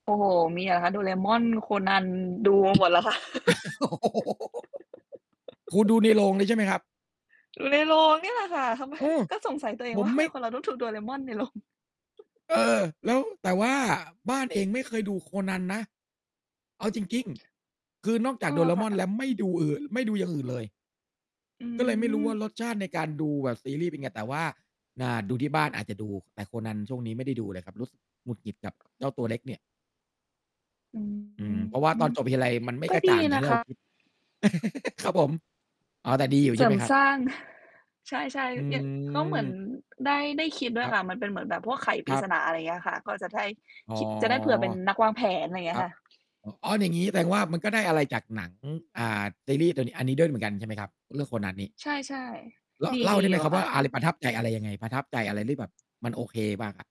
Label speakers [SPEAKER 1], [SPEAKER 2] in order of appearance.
[SPEAKER 1] โอ้โฮ มีเหรอคะ Doraemon Conan ดู มาหมดแล้วค่ะ
[SPEAKER 2] โอ้โฮ คุณดูในโรงเลยใช่ไหมครับ?
[SPEAKER 1] ดูในโรงเนี่ยแหละค่ะ ทำไม?
[SPEAKER 2] อือ
[SPEAKER 1] ก็สงสัยตัวเอ
[SPEAKER 2] ผ
[SPEAKER 1] งว่
[SPEAKER 2] ม
[SPEAKER 1] า ทำ
[SPEAKER 2] ไม
[SPEAKER 1] ไม
[SPEAKER 2] ่
[SPEAKER 1] คนเราต้องดู Doraemon ในโรง?
[SPEAKER 2] เออ แล้ว แต่ว่าบ้านเองไม่เคยดู Conan นะ เอาจริง ๆ คือนอกจา
[SPEAKER 1] อ๋
[SPEAKER 2] ก
[SPEAKER 1] อ ค่ะ อ
[SPEAKER 2] Doraemon แ
[SPEAKER 1] ะ
[SPEAKER 2] ล้วไม่ดูอื่น ไม่ดูอย่างอื่นเลย
[SPEAKER 1] อื
[SPEAKER 2] ก็เลยไม่รู้ว่
[SPEAKER 1] ม
[SPEAKER 2] า รสชาติในการดูแบบซีรีส์เป็นไง แต่ว่า น่า ดูที่บ้านอาจจะดู แต่ Conan ช่วงนี้ไม่ได้ดูเลยครับ รู้สึกหงุดหงิดกับเจ้าตัวเล็กเนี่ย
[SPEAKER 1] อื
[SPEAKER 2] อืม เพราะว่าตอ
[SPEAKER 1] ม
[SPEAKER 2] นจบทีไร มันไม่
[SPEAKER 1] ก็
[SPEAKER 2] กระ
[SPEAKER 1] ดี
[SPEAKER 2] จ่างอย่
[SPEAKER 1] น
[SPEAKER 2] าง
[SPEAKER 1] ะ
[SPEAKER 2] ที่
[SPEAKER 1] ค
[SPEAKER 2] เร
[SPEAKER 1] ะ
[SPEAKER 2] า คิด ครับผม อ๋อ แต่ดีอยู่
[SPEAKER 1] เ
[SPEAKER 2] ใ
[SPEAKER 1] ส
[SPEAKER 2] ช่
[SPEAKER 1] ริ
[SPEAKER 2] ไหม
[SPEAKER 1] ม
[SPEAKER 2] ครับ?
[SPEAKER 1] สร้าง ใช่
[SPEAKER 2] อื
[SPEAKER 1] ๆ เนี่ย ก็เหมือน
[SPEAKER 2] ม
[SPEAKER 1] ได้ ได้คิดด้ว
[SPEAKER 2] ค
[SPEAKER 1] ย
[SPEAKER 2] รับ
[SPEAKER 1] ค่ะ มันเป็นเหมือนแบบพวกไขปร
[SPEAKER 2] ค
[SPEAKER 1] ิ
[SPEAKER 2] รับ
[SPEAKER 1] ศนา อะไรเงี้ยค่ะ ก็จะได้
[SPEAKER 2] อ๋อ
[SPEAKER 1] คิ จะได้ เผื่อเป็นนักวางแผน ไรเงี
[SPEAKER 2] ค
[SPEAKER 1] ้ย
[SPEAKER 2] รับ
[SPEAKER 1] ค่ะ
[SPEAKER 2] อ อ๋อ อย่างงี้แสดงว่า มันก็ได้อะไรจากหนัง อ อ่า ซีรีส์ ตัวนี้ อันนี้ด้วยเหมือนกันใช่ไหมครับ? เรื่อง Conan นี่
[SPEAKER 1] ใช่
[SPEAKER 2] ล
[SPEAKER 1] ๆ ด
[SPEAKER 2] เล่า
[SPEAKER 1] ี
[SPEAKER 2] ได
[SPEAKER 1] ๆ
[SPEAKER 2] ้
[SPEAKER 1] อ
[SPEAKER 2] ไ
[SPEAKER 1] ย
[SPEAKER 2] ห
[SPEAKER 1] ู
[SPEAKER 2] ม
[SPEAKER 1] ่อ
[SPEAKER 2] คร
[SPEAKER 1] ะ
[SPEAKER 2] ับ
[SPEAKER 1] ค
[SPEAKER 2] ว
[SPEAKER 1] ่
[SPEAKER 2] ่า
[SPEAKER 1] ะ
[SPEAKER 2] อะไร ประทับใจอะไร ยังไง ประทับใจอะไรที่แบบมันโอเคบ้างอะ?